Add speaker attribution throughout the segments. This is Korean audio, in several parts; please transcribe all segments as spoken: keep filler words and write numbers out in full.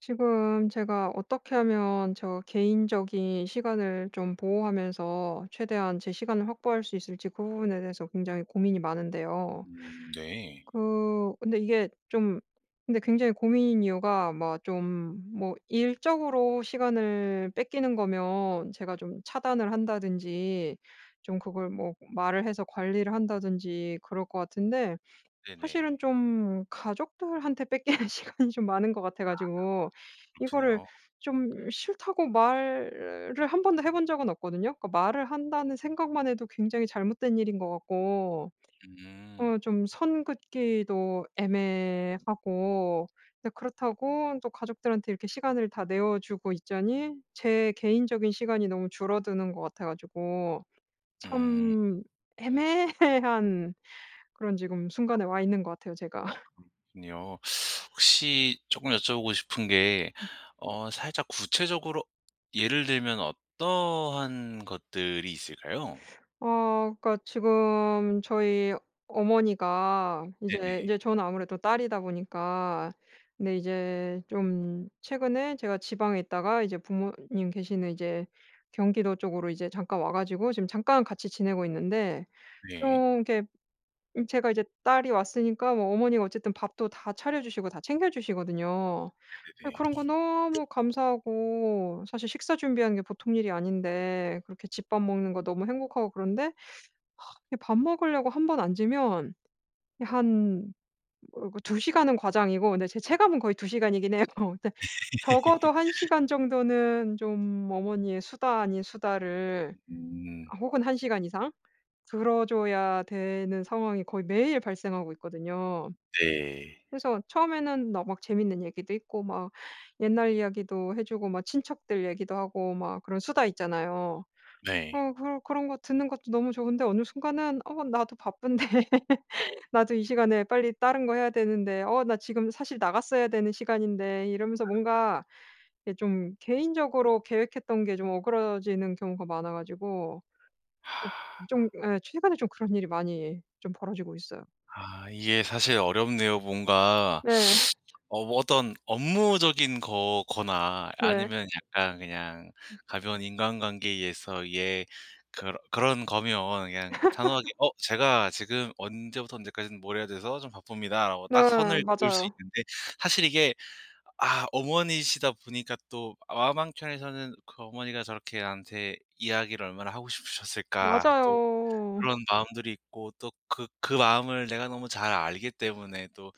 Speaker 1: 지금 제가 어떻게 하면 저 개인적인 시간을 좀 보호하면서 최대한 제 시간을 확보할 수 있을지 그 부분에 대해서 굉장히 고민이 많은데요.
Speaker 2: 음 네.
Speaker 1: 그 근데 이게 좀 근데 굉장히 고민인 이유가 막 좀 뭐 일적으로 시간을 뺏기는 거면 제가 좀 차단을 한다든지 좀 그걸 뭐 말을 해서 관리를 한다든지 그럴 것 같은데
Speaker 2: 네네.
Speaker 1: 사실은 좀 가족들한테 뺏기는 시간이 좀 많은 것 같아
Speaker 2: 아.
Speaker 1: 가지고 이거를
Speaker 2: 그렇군요.
Speaker 1: 좀 싫다고 말을 한 번도 해 본 적은 없거든요. 그러니까 말을 한다는 생각만 해도 굉장히 잘못된 일인 것 같고
Speaker 2: 음.
Speaker 1: 어 좀 선 긋기도 애매하고 이제 그렇다고 또 가족들한테 이렇게 시간을 다 내어 주고 있자니 제 개인적인 시간이 너무 줄어드는 것 같아 가지고
Speaker 2: 음.
Speaker 1: 참 애매한 그런 지금
Speaker 2: 아.
Speaker 1: 순간에 와 있는 것 같아요, 제가.
Speaker 2: 그렇군요. 혹시 쪼끔 여쭤보고 싶은 게
Speaker 1: 음.
Speaker 2: 어 살짝 구체적으로 예를 들면 어떠한 것들이 있을까요?
Speaker 1: 어 그러니까 지금 저희 어머니가 이제
Speaker 2: 네네.
Speaker 1: 이제 저는 아무래도 딸이다 보니까 근데 이제 좀 최근에 제가 지방에 있다가 이제 부모님 계시는 이제 경기도 쪽으로 이제 잠깐 와 가지고 지금 잠깐 같이 지내고 있는데
Speaker 2: 네.
Speaker 1: 좀 이렇게 음 제가 이제 딸이 왔으니까 뭐 어머니가 어쨌든 밥도 다 차려 주시고 다 챙겨주시거든요. 예
Speaker 2: 네네네.
Speaker 1: 그런 거 너무 감사하고 사실 식사 준비하는 게 보통 일이 아닌데 그렇게 집 밥 먹는 거 너무 행복하고 그런데 이 밥 먹으려고 한 번 앉으면 한 어 그 두 시간은 과장이고 근데 제 체감은 거의 두 시간이긴 해요. 근데 적어도 한 시간 정도는 좀 어머니의 수다 아닌 수다를
Speaker 2: 음.
Speaker 1: 혹은 한 시간 이상 들어 줘야 되는 상황이 거의 매일 발생하고 있거든요.
Speaker 2: 네.
Speaker 1: 그래서 처음에는 너 막 재밌는 얘기도 있고 막 옛날 이야기도 해 주고 막 친척들 얘기도 하고 막 그런 수다 있잖아요.
Speaker 2: 네.
Speaker 1: 어 그런 그런 거 듣는 것도 너무 좋은데 어느 순간은 '어 나도 바쁜데 나도 이 시간에 빨리 다른 거 해야 되는데 어 나 지금 사실 나갔어야 되는 시간인데' 이러면서 뭔가 이게 좀 개인적으로 계획했던 게 좀 어그러지는 경우가 많아 가지고 좀 예 최근에 좀 그런 일이 많이 좀 벌어지고 있어요.
Speaker 2: 아 이게 사실 어렵네요. 뭔가
Speaker 1: 네.
Speaker 2: 어 뭐 어떤 업무적인 거거나
Speaker 1: 네.
Speaker 2: 아니면 약간 그냥
Speaker 1: 음.
Speaker 2: 가벼운 인간관계에 의해서 이게 그런 그런 거면 그냥 단호하게 "어 제가 지금 언제부터 언제까지 뭘 해야 돼서 좀 바쁩니다."라고 딱
Speaker 1: 네
Speaker 2: 선을 그을 수
Speaker 1: 맞아요.
Speaker 2: 있는데 사실 이게 아 어머니시다 보니까 또 마음 한 켠에서는 그 '어머니가 저렇게 나한테 이야기를 얼마나 하고 싶으셨을까.' 또
Speaker 1: 맞아요.
Speaker 2: 그런 마음들이 있고 또 그 그 마음을 내가 너무 잘 알기 때문에 또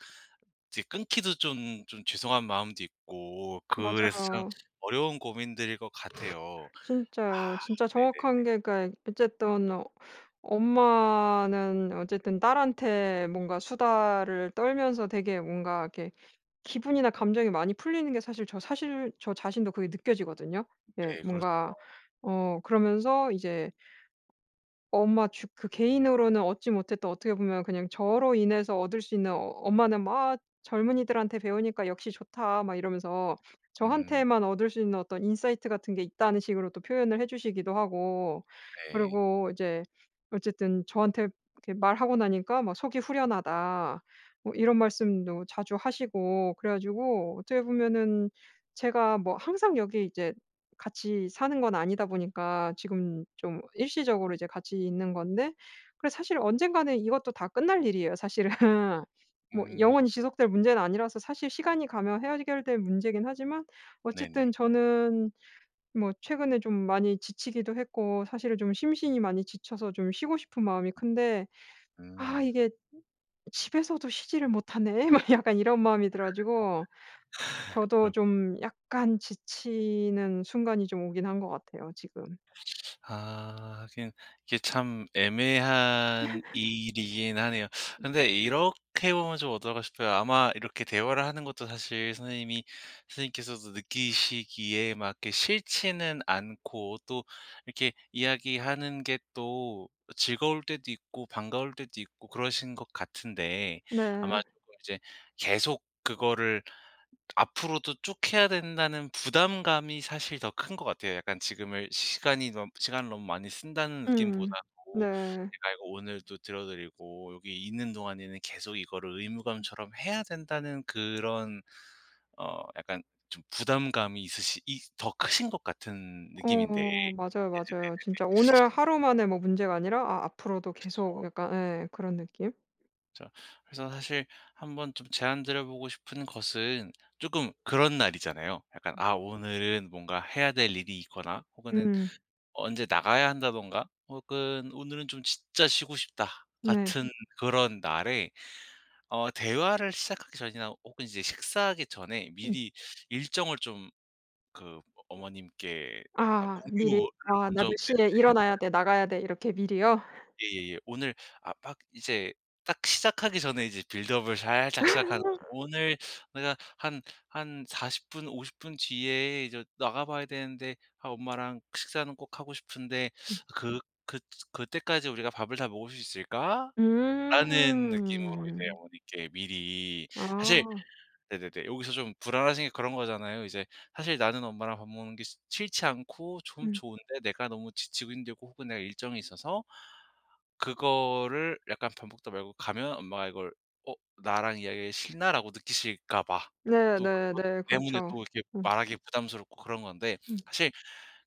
Speaker 2: 이제 끊기도 좀 좀 죄송한 마음도 있고 그래서 참
Speaker 1: 맞아요.
Speaker 2: 어려운 고민들일 것 같아요.
Speaker 1: 진짜요. 진짜
Speaker 2: 네네네.
Speaker 1: 정확한 게 그러니까 어쨌든 어 엄마는 어쨌든 딸한테 뭔가 수다를 떨면서 되게 뭔가 이렇게 기분이나 감정이 많이 풀리는 게 사실 저 사실 저 자신도 그게 느껴지거든요. 예.
Speaker 2: 네, 그렇죠.
Speaker 1: 뭔가 어 그러면서 이제 ...엄마 주 그 개인으로는 얻지 못했던 어떻게 보면 그냥 저로 인해서 얻을 수 있는 엄마는 막 "젊은이들한테 배우니까 역시 좋다." 막 이러면서
Speaker 2: 음.
Speaker 1: 저한테만 얻을 수 있는 어떤 인사이트 같은 게 있다는 식으로 또 표현을 해 주시기도 하고
Speaker 2: 네.
Speaker 1: 그리고 이제 어쨌든 저한테 이렇게 말하고 나니까 막 "속이 후련하다." 뭐 이런 말씀도 자주 하시고 그래 가지고 어떻게 보면은 제가 뭐 항상 여기 이제 같이 사는 건 아니다 보니까 지금 좀 일시적으로 이제 같이 있는 건데 그래서 사실 언젠가는 이것도 다 끝날 일이에요, 사실은. 뭐
Speaker 2: 음.
Speaker 1: 영원히 지속될 문제는 아니라서 사실 시간이 가면 헤어결 될 문제이긴 하지만
Speaker 2: 네네.
Speaker 1: 어쨌든 저는 뭐 최근에 좀 많이 지치기도 했고 사실은 좀 심신이 많이 지쳐서 좀 쉬고 싶은 마음이 큰데
Speaker 2: 음
Speaker 1: '아
Speaker 2: 음.
Speaker 1: 이게 집에서도 쉬지를 못하네.' 막 약간 이런 마음이 들어 가지고 저도
Speaker 2: 그렇
Speaker 1: 좀 약간 지치는 순간이 좀 오긴 한 것 같아요, 지금.
Speaker 2: 아 하긴 이게 참 애매한 일이긴 하네요. 근데 이렇게 보면 좀 어떨까 싶어요. 아마 이렇게 대화를 하는 것도 사실 선생님이 선생님께서도 느끼시기에 막 이렇게 싫지는 않고 또 이렇게 이야기하는 게 또 즐거울 때도 있고 반가울 때도 있고 그러신 것 같은데 아마
Speaker 1: 네.
Speaker 2: 쪼끔 이제 계속 그거를 앞으로도 쭉 해야 된다는 부담감이 사실 더 큰 것 같아요. 약간 지금을 시간이 '시간을 너무 많이 쓴다.'는
Speaker 1: 음.
Speaker 2: 느낌보다도
Speaker 1: 네.
Speaker 2: '내가 이거 오늘도 들어 드리고 여기 있는 동안에는 계속 이거를
Speaker 1: 음.
Speaker 2: 의무감처럼 해야 된다.'는 그런 어 약간 좀 부담감이 있으시 이 더 크신 것 같은 느낌인데 네네네네,
Speaker 1: 어 맞아요, 맞아요, 진짜 오늘
Speaker 2: 네.
Speaker 1: 하루만에 뭐 문제가 아니라 아 앞으로도 계속
Speaker 2: 그쵸.
Speaker 1: 약간 예 그런 느낌.
Speaker 2: 진짜. 그래서 사실 한 번 좀 제안드려 보고 싶은 것은 쪼끔 그런 날이잖아요. 약간 아 오늘은 뭔가 해야 될 일이 있거나 혹은 은
Speaker 1: 음음.
Speaker 2: 언제 나가야 한다든가 혹은 오늘은 좀 진짜 쉬고 싶다
Speaker 1: 네.
Speaker 2: 같은 그런 날에 어 대화를 시작하기 전이나 혹은 이제 식사하기 전에
Speaker 1: 음.
Speaker 2: 미리 일정을 좀 그 어 어머님께 아
Speaker 1: 아 미리.
Speaker 2: 공유를
Speaker 1: 아 나
Speaker 2: 먼저
Speaker 1: 몇
Speaker 2: 네네.
Speaker 1: 시에
Speaker 2: 해
Speaker 1: 일어나야
Speaker 2: 보
Speaker 1: 돼 나가야 돼. 이렇게 미리요?
Speaker 2: 예예예. 오늘 아 막 이제 딱 시작하기 전에 이제 빌드업을 살짝 시작하는 거죠. "오늘 내가 한 한 사십 분 오십 분 뒤에 이제 나가 봐야 되는데 아 엄마랑 식사는 꼭 하고 싶은데
Speaker 1: 음.
Speaker 2: 그 그 그때까지 우리가 밥을 다 먹을 수 있을까?"라는 느낌으로 이제
Speaker 1: 음.
Speaker 2: 어머니께 미리. 사실
Speaker 1: 아.
Speaker 2: 네네네. 여기서 좀 불안하신 게 그런 거잖아요. 이제 사실 나는 엄마랑 밥 먹는 게 시 싫지 않고 좀
Speaker 1: 음.
Speaker 2: 좋은데 내가 너무 지치고 힘들고 혹은 내가 일정이 있어서 그거를 약간 밥 먹다 말고 가면 엄마가 이걸 '어 나랑 이야기하기가 싫나?'라고 느끼실까 봐. 또 그것
Speaker 1: 네네네
Speaker 2: 때문에
Speaker 1: 그렇죠.
Speaker 2: 또 이렇게
Speaker 1: 음.
Speaker 2: 말하기 부담스럽고 그런 건데
Speaker 1: 음.
Speaker 2: 사실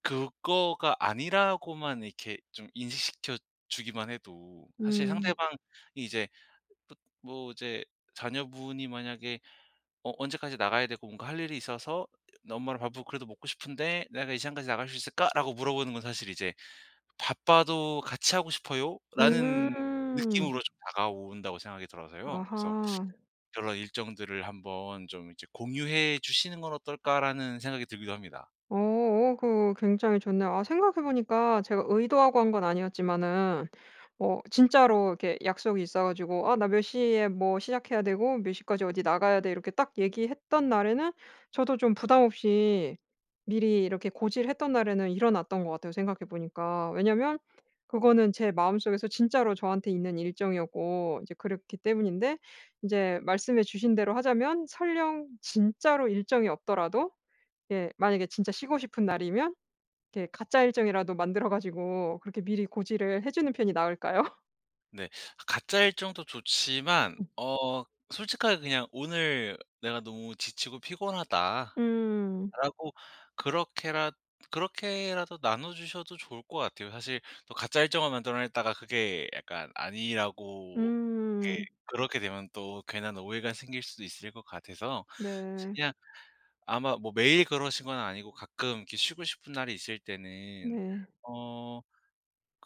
Speaker 2: 그거가 아니라고만 이렇게 좀 인식시켜 주기만 해도 사실
Speaker 1: 음.
Speaker 2: 상대방이 이제 뭐 이제 자녀분이 만약에 "어 언제까지 나가야 되고 뭔가 할 일이 있어서 엄마랑 밥을 그래도 먹고 싶은데 내가 이 시간까지 나갈 수 있을까?"라고 물어보는 건 사실 이제 '바빠도 같이 하고 싶어요.'라는
Speaker 1: 음.
Speaker 2: 느낌으로 좀 다가온다고 생각이 들어서요. 그래서
Speaker 1: 아하.
Speaker 2: 그런 일정들을 한번 좀 이제 공유해 주시는 건 어떨까라는 생각이 들기도 합니다.
Speaker 1: 어어 그 어 굉장히 좋네요. 아 생각해 보니까 제가 의도하고 한 건 아니었지만은 어 진짜로 이렇게 약속이 있어 가지고 "아 나 몇 시에 뭐 시작해야 되고 몇 시까지 어디 나가야 돼." 이렇게 딱 얘기했던 날에는 저도 좀 부담 없이 미리 이렇게 고지를 했던 날에는 일어났던 것 같아요, 생각해 보니까. 왜냐하면 그거는 제 마음속에서 진짜로 저한테 있는 일정이었고 이제 그렇기 때문인데 인제 말씀해 주신 대로 하자면 설령 진짜로 일정이 없더라도 예 만약에 진짜 쉬고 싶은 날이면 이렇게 가짜 일정이라도 만들어 가지고 그렇게 미리
Speaker 2: 네.
Speaker 1: 고지를 해 주는 편이 나을까요?
Speaker 2: 네. 가짜 일정도 좋지만
Speaker 1: 음.
Speaker 2: 어 솔직하게 그냥 "오늘 내가 너무 지치고 피곤하다."라고
Speaker 1: 음.
Speaker 2: 그렇게라 그렇게라도 나눠 주셔도 좋을 것 같아요. 사실 또 가짜 일정을 만들어 냈다가 그게 약간 아니라고 이게
Speaker 1: 음.
Speaker 2: 그렇게 되면 또 괜한 오해가 생길 수도 있을 것 같아서 이제
Speaker 1: 네.
Speaker 2: 그냥 아마 뭐 매일 그러신 건 아니고 가끔 이렇게 쉬고 싶은 날이 있을 때는
Speaker 1: 네.
Speaker 2: 어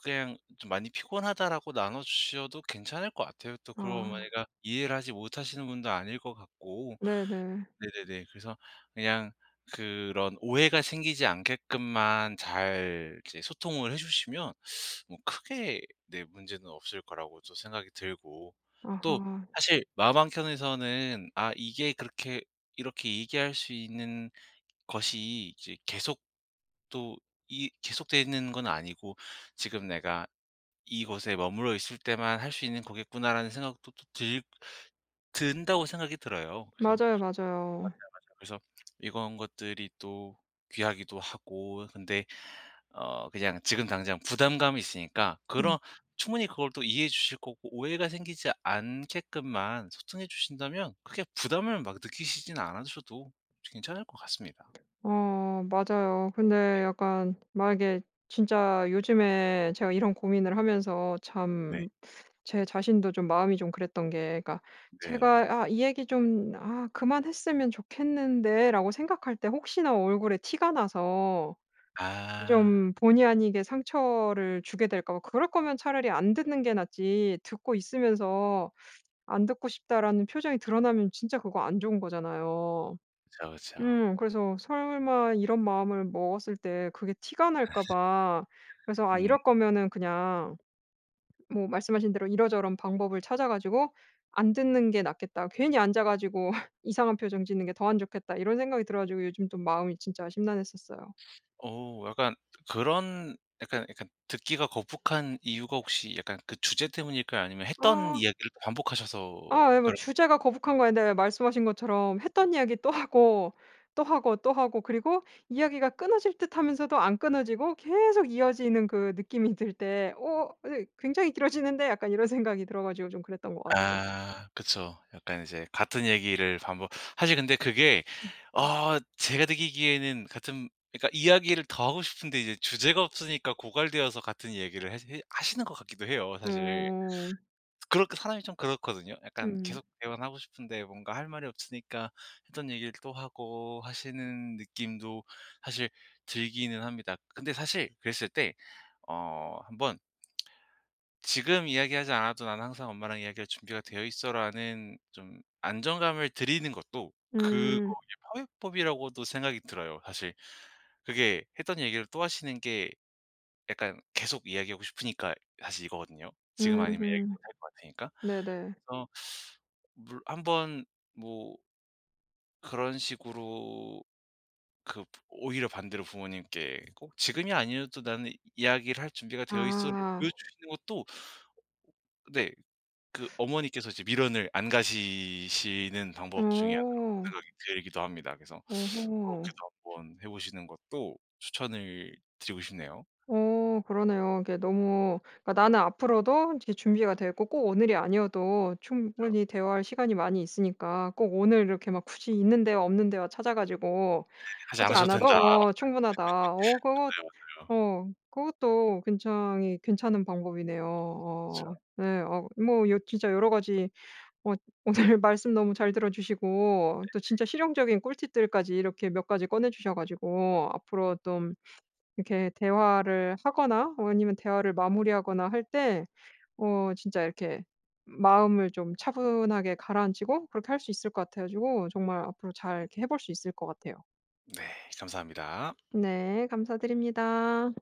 Speaker 2: 그냥 좀 "많이 피곤하다."라고 나눠주셔도 괜찮을 것 같아요. 또 그걸
Speaker 1: 아.
Speaker 2: 어머니가 이해를 하지 못하시는 분도 아닐 것 같고.
Speaker 1: 네네.
Speaker 2: 네네네. 그래서 그냥 그런 오해가 생기지 않게끔만 잘 이제 소통을 해 주시면 뭐 크게 네 문제는 없을 거라고 저 생각이 들고. 또
Speaker 1: 아하.
Speaker 2: 사실 마음 한켠에서는 '아 이게 그렇게 이렇게 얘기할 수 있는 것이 이제 계속 또 이 계속 돼 있는 건 아니고 지금 내가 이곳에 머물러 있을 때만 할 수 있는 거겠구나.'라는 생각도 또 들 든다고 생각이 들어요. 그래서
Speaker 1: 맞아요, 맞아요.
Speaker 2: 그래서 이건 것들이 또 귀하기도 하고 근데 어 그냥 지금 당장 부담감이 있으니까 그런
Speaker 1: 음.
Speaker 2: 충분히 그걸 또 이해해 주실 거고 오해가 생기지 않게끔만 소통해 주신다면 크게 부담을 막 느끼시진 않으셔도 괜찮을 것 같습니다.
Speaker 1: 어 맞아요.
Speaker 2: 네.
Speaker 1: 근데 약간 만약에 진짜 요즘에 제가 이런 고민을 하면서
Speaker 2: 네.
Speaker 1: 참 제 자신도 좀 마음이 좀 그랬던 게 그니까
Speaker 2: 네.
Speaker 1: 제가 '아 이 얘기 좀 아 그만했으면 좋겠는데.'라고 생각할 때 혹시나 얼굴에 티가 나서
Speaker 2: 아.
Speaker 1: 좀 본의 아니게 상처를 주게 될까 봐. 그럴 거면 차라리 안 듣는 게 낫지 듣고 있으면서 안 듣고 싶다라는 표정이 드러나면 진짜 그거 안 좋은 거잖아요.
Speaker 2: 그쵸, 그쵸.
Speaker 1: 음 그래서 설마 이런 마음을 먹었을 때 그게 티가
Speaker 2: 아.
Speaker 1: 날까 봐. 그래서 '아
Speaker 2: 음.
Speaker 1: 이럴 거면은 그냥' 뭐 말씀하신 대로 '이런저런 방법을 찾아 가지고 안 듣는 게 낫겠다. 괜히 앉아 가지고 이상한 표정 짓는 게 더 안 좋겠다.' 이런 생각이 들어 가지고 요즘 좀 마음이 진짜 심란했었어요.
Speaker 2: 어 약간 그런 약간, 약간 듣기가 거북한 이유가 혹시 약간 그 주제 때문일까요? 아니면 했던
Speaker 1: 어.
Speaker 2: 이야기를 또 반복하셔서
Speaker 1: 아 네 뭐
Speaker 2: 그럴
Speaker 1: 주제가 거북한 거 아닌데 그냥 말씀하신 것처럼 했던 이야기 또 하고, 또 하고, 또 하고 그리고 이야기가 끊어질 듯하면서도 안 끊어지고 계속 이어지는 그 느낌이 들 때 '어? 아니 굉장히 길어지는데?' 약간 이런 생각이 들어 가지고 좀 그랬던 것 같아요.
Speaker 2: 아 그쵸. 약간 이제 같은 얘기를 반복. 사실 근데 그게
Speaker 1: 음.
Speaker 2: 어 제가 느끼기에는 같은 그니까 이야기를 더 하고 싶은데 이제 주제가 없으니까 고갈되어서 같은 얘기를 해 해 하시는 것 같기도 해요, 사실.
Speaker 1: 어.
Speaker 2: 그렇게 사람이 좀 그렇거든요? 약간
Speaker 1: 음음.
Speaker 2: 계속 대화는 하고 싶은데 뭔가 할 말이 없으니까 했던 얘기를 또 하고 하시는 느낌도 사실 들기는 합니다. 근데 사실 그랬을 때 어 한 번 "지금 이야기하지 않아도 난 항상 엄마랑 이야기할 준비가 되어있어."라는 좀 안정감을 드리는 것도 그거의
Speaker 1: 음.
Speaker 2: 파훼법이라고도 생각이 들어요. 사실 그게 했던 얘기를 또 하시는 게 약간 계속 이야기하고 싶으니까 사실 이거거든요. 지금 아니면 얘기 못
Speaker 1: 음음.
Speaker 2: 할 거 같으니까.
Speaker 1: 네네.
Speaker 2: 그래서 물 한번 뭐 그런 식으로 그 오히려 반대로 부모님께 꼭 지금이 아니어도 나는 이야기를 할 준비가 되어있어를
Speaker 1: 아아아.
Speaker 2: 보여주시는 것도 네. 그 어머니께서 이제 미련을 안 가지시는 방법 중에 그
Speaker 1: 어.
Speaker 2: [unintelligible] 이기도 합니다. 그래서 어
Speaker 1: 어허.
Speaker 2: 그렇게도 한 번 해 보시는 것도 추천을 드리고 싶네요.
Speaker 1: 어 그러네요. 이게 너무 그니까 나는 앞으로도 이제 준비가 되어 있고 꼭 오늘이 아니어도
Speaker 2: 그쵸.
Speaker 1: 충분히 대화할 시간이 많이 있으니까 꼭 오늘 이렇게 막 굳이 있는 대화 없는 대화 찾아 가지고
Speaker 2: 그 얘기는 하지
Speaker 1: 하지
Speaker 2: 않으셔도
Speaker 1: 않아도
Speaker 2: 된다.
Speaker 1: 어 충분하다. 어 그것
Speaker 2: 맞아요, 맞아요.
Speaker 1: 어 그것도 굉장히 괜찮은 방법이네요.
Speaker 2: 그쵸.
Speaker 1: 어 네. 어 뭐 진짜 여러 가지 엇 오늘 말씀 너무 잘 들어주시고 또
Speaker 2: 네네.
Speaker 1: 진짜 실용적인 꿀팁들까지 이렇게 몇 가지 꺼내 주셔 가지고 앞으로 똠 이렇게 대화를 하거나 아니면 대화를 마무리하거나 할 때 어 진짜 이렇게 마음을 좀 차분하게 가라앉히고 그렇게 할 수 있을 것 같아 가지고 정말 앞으로 잘 이렇게 해 볼 수 있을 것 같아요.
Speaker 2: 네 감사합니다.
Speaker 1: 네 감사드립니다.